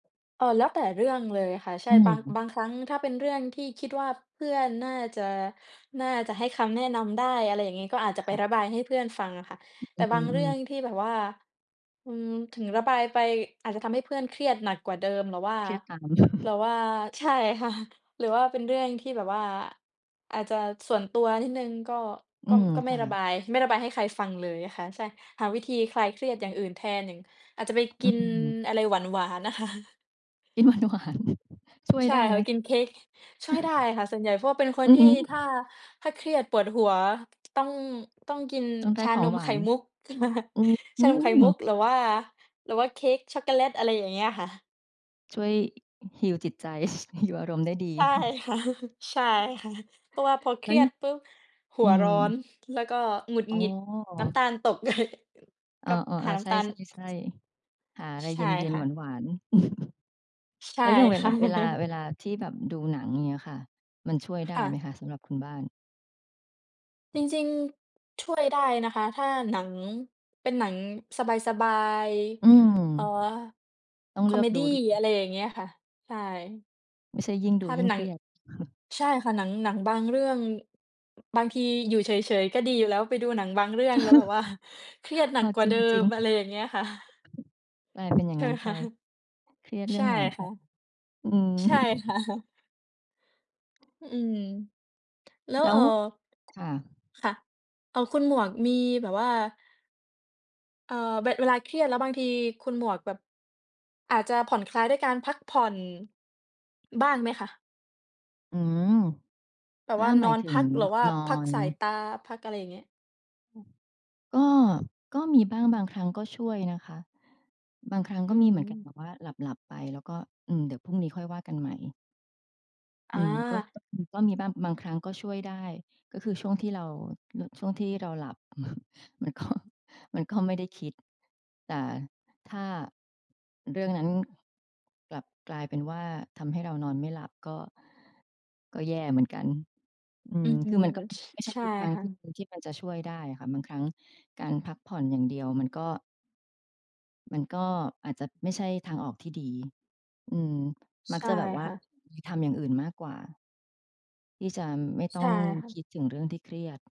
เอ่อ แล้วแต่เรื่องเลยค่ะ ใชอ่ ืบอาง ฮึ บางครั้งถ้าเป็นเรื่องที่คิดว่า เพื่อนน่าจะ น่าจะให้คำแนะนำได้ อะไรอย่างงี้ ก็อาจจคะไป่ะ ระบายให้เพื่อนฟังอะค่ะ แตอ ่อืบางเรื่อ องๆ ที่แบบว่า อืม ถึงระบายไป อาจจะทำให้เพื่อนเครียดหนักกว่าเดิม หรือว่า เครียดตาม หรือว่า ใช่ ค่ะ หรือว่าเป็นเรื่องที่แบบว่า อาจจะส่วนตัวนิดหนึ่ง ก็ อืก็ ม ก็ไคม่่ระะ บาย ไม่ระบายให้ใครฟังเลยอะค่ะ ใช่ หาวิธีคลายเครียดอย่างอื่นแทน อย่าง อาจจะไปอกืินม อะไรหวาน ๆ น่ะค่ะ กิน หวาน ๆ ช่วยใช่ได้ค่ไะ หม? ไปกินเค้ก ช่วยได้อะค่ะส่วนใหญ่ เพราะว่าเป็นคนอือทีฮ่ ึ ถ้า ถ้าเครียดปวดหัว ต้อง ต้องกินต้องได้ชาขอนงมหวไาข่น มุก อื้อฮชาืนมไข่มุก อ หรือว่า หรือว่าเค้กช็อกโกแลต อะไรอย่างเงี้ยค่ะ ช่วย heal จิตใจ heal อารมณ์ได้ดี ใช่ค่ะ ใช่ค่ะ เพราะว่าพอเคแล้รว ีย ยดปุ๊บ หอัืวร้อม น แล้วก็หงุดอ๋หงอ ิด น้ำตาลตก เลย อ้ก็หอ าๆ นๆ ้ใชำตาล ่ ๆ ๆ หาอะไรใชเ่ย็น ค่ะ ๆ หวาน ๆ ใชแ่ล้วอย่างเวคล่า ะ เวลา เวลาที่แบบดูหนังอย่างเงี้ยค่ะ มันช่วยไดค้่ไหมะ คะสำหรับคุณบ้าน? จริง ๆ ช่วยได้นะคะ ถ้าหนัง เป็นหนังสบาย อืม ๆ เอ่อ ต้องคเลอืเอมกดดู ี ด อะไรอย่างเงี้ยค่ะ ใช่ ไม่ใช่ยิ่งถดู้าเยป็ิ่นงหเนัคง รียด ใช่ค่ะ หนัง หนังบางเรื่อง บางทีอยู่เฉย ๆ ก็ดีอยู่แล้ว ไปดูหนังบางเรื่องแล้วแบบ ว่า เครียดหนเัอกอ กว่จารเิดิง จริม ง อะไรอย่างเงี้ยค่ะ กลายเป็น อย่ใาชง่งไัห้มนไคป ะ? เครียดเรใืช่อ่งหนัง ช คะ อืม ใช่ ค่ะ ฮึ อืม แล้แว ล้เอว ่อ ค่ะ ค่ะ เอ่อ คุณหมวกมีแบบว่า เอ่อ เว เวลาเครียดแล้วบางที คุณหมวกแบบ อาจจะผ่อนคลายด้วยการพักผ่อนบ้างไหมคะ? อืม แบถบ้าว่า หมนาอยนถึพง ัก หรืบ อว่านอพักสายน ตา พัก อะไรอย่างเงี้ย อืม ก็ ก็มีบ้าง บางครั้งก็ช่วยนะคะ บางครั้งอกื็มีเหมือนกันม แบบว่าหลับ ๆ ไป แล้วก็ อืม เดี๋ยวพรุ่งนี้ค่อยว่ากันใหม่ ออืม ก็ า ก็ ก็มีบ้าง บางครั้งก็ช่วยได้ ก็คือช่วงที่เรา ร ช่วงที่เราหลับ มันก็ มันก็ไม่ได้คิด แต่ถ้าเรื่องนั้นกลับกลายเป็นว่า ทำให้เรานอนไม่หลับก็ ก็แย่เหมือนกัน อือืม ม คือมันก็ช ไม่ใช่ใช่ทุกครั้งค่ที่ ะ ที่มันจะช่วยได้อะค่ะ บางครั้งการพักผ่อนอย่างเดียวมันก็ มันก็อาจจะไม่ใช่ทางออกที่ดี อืม มัใกชจ่ะแบบว่าค่ะ ไปทำอย่างอื่นมากกว่า ที่จะไม่ต้ใชอ่งค่ะ คิดถึงเรื่องที่เครียด